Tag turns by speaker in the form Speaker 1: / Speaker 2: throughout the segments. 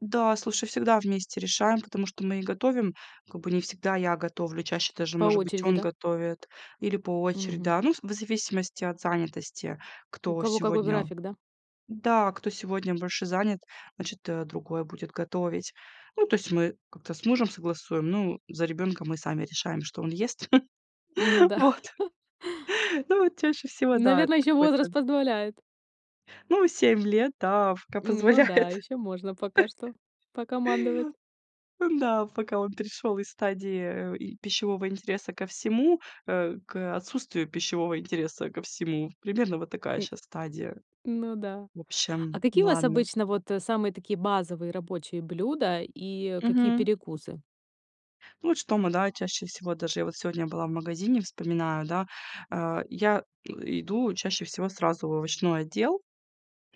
Speaker 1: Да, слушай, всегда вместе решаем, потому что мы и готовим, как бы не всегда я готовлю, чаще даже,
Speaker 2: По
Speaker 1: может быть,
Speaker 2: очереди,
Speaker 1: он
Speaker 2: да?
Speaker 1: готовит или по очереди,
Speaker 2: Мгм.
Speaker 1: да. Ну, вз в зависимости от занятости,
Speaker 2: У
Speaker 1: кто
Speaker 2: кого какой
Speaker 1: сегодня,
Speaker 2: график, да?
Speaker 1: да, кто сегодня больше занят, значит, э, другой будет готовить. Ну, то есть мы как-то с мужем согласуем, ну, за ребёнка мы сами решаем, что он ест.
Speaker 2: Ну да.
Speaker 1: Вот, ну, вот чаще всего, да, это
Speaker 2: Наверное, ещё возраст
Speaker 1: какой-то
Speaker 2: позволяет.
Speaker 1: Ну, 7 лет. Да, в пока
Speaker 2: Ну да,
Speaker 1: позволяет.
Speaker 2: ещё можно пока что покомандовать.
Speaker 1: Ну да, пока он перешёл из стадии, э, э, пищевого интереса ко всему, э, к, отсутствию пищевого интереса ко всему. Примерно вот такая
Speaker 2: М.
Speaker 1: щас стадия.
Speaker 2: Ну да.
Speaker 1: В
Speaker 2: А
Speaker 1: общем,
Speaker 2: какие у вас
Speaker 1: ладно.
Speaker 2: обычно вот, э, самые такие базовые рабочие блюда и какие
Speaker 1: Мгм.
Speaker 2: перекусы?
Speaker 1: Ну, вот что мы чаще всего даже я вот сегодня была в магазине, вспоминаю, да, э, я, э, иду чаще всего сразу в овощной отдел.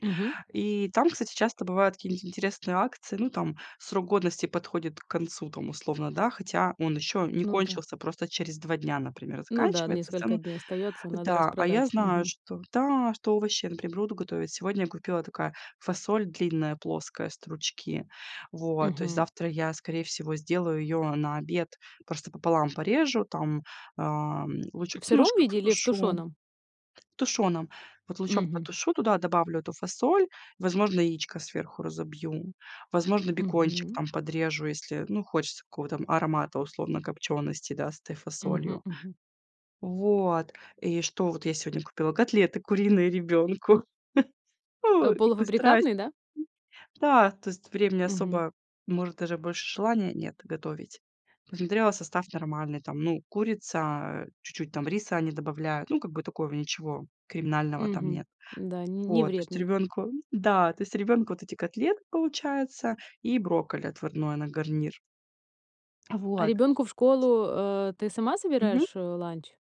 Speaker 2: Мгм.
Speaker 1: И там, кстати, часто бывают какие-нибудь интересные акции. Ну, там срок годности подходит к концу, там, условно, да, хотя он еще не
Speaker 2: Ну да.
Speaker 1: кончился, просто через 2 дня, например,
Speaker 2: Ну да,
Speaker 1: заканчивается, в
Speaker 2: несколько
Speaker 1: целом
Speaker 2: дней остаётся, надо
Speaker 1: да. А, я
Speaker 2: распродать.
Speaker 1: знаю,
Speaker 2: Мгм.
Speaker 1: что да, что овощи, например, буду готовить. Сегодня купила, такая фасоль длинная плоская, стручки, вот, то есть
Speaker 2: Мгм.
Speaker 1: завтра я, скорее всего, сделаю её на обед, просто пополам порежу, там, а, лучок
Speaker 2: В сыром
Speaker 1: немножко
Speaker 2: виде или в
Speaker 1: потушу
Speaker 2: тушёном?
Speaker 1: тушеным, вот, лучок
Speaker 2: Мгм.
Speaker 1: потушу, туда добавлю эту фасоль, возможно, яичко сверху разобью, возможно, бекончик
Speaker 2: Мгм.
Speaker 1: там подрежу, если, ну, хочется какого-то там аромата, условно, копчёности, да, с этой
Speaker 2: Мгм
Speaker 1: фасолью.
Speaker 2: мгм.
Speaker 1: Вот, и что, вот я сегодня купила- котлеты куриные ребёнку.
Speaker 2: А,
Speaker 1: Ох, как бы страсть.
Speaker 2: полуфабрикатный, да?
Speaker 1: Да, то есть времени
Speaker 2: Мгм.
Speaker 1: особо, может, даже больше желания нет готовить. Посмотрела, состав нормальный, там, ну, курица, чуть-чуть там риса они добавляют, ну, как бы такого ничего криминального там
Speaker 2: Мгм.
Speaker 1: нет.
Speaker 2: Да, н не
Speaker 1: Вот, то есть
Speaker 2: вредный.
Speaker 1: ребёнку да, то есть ребёнку вот эти котлеты получается и брокколи отварное на гарнир.
Speaker 2: А
Speaker 1: Вот.
Speaker 2: ребёнку в школу, э, ты сама
Speaker 1: Мгм.
Speaker 2: собираешь, э, ланч?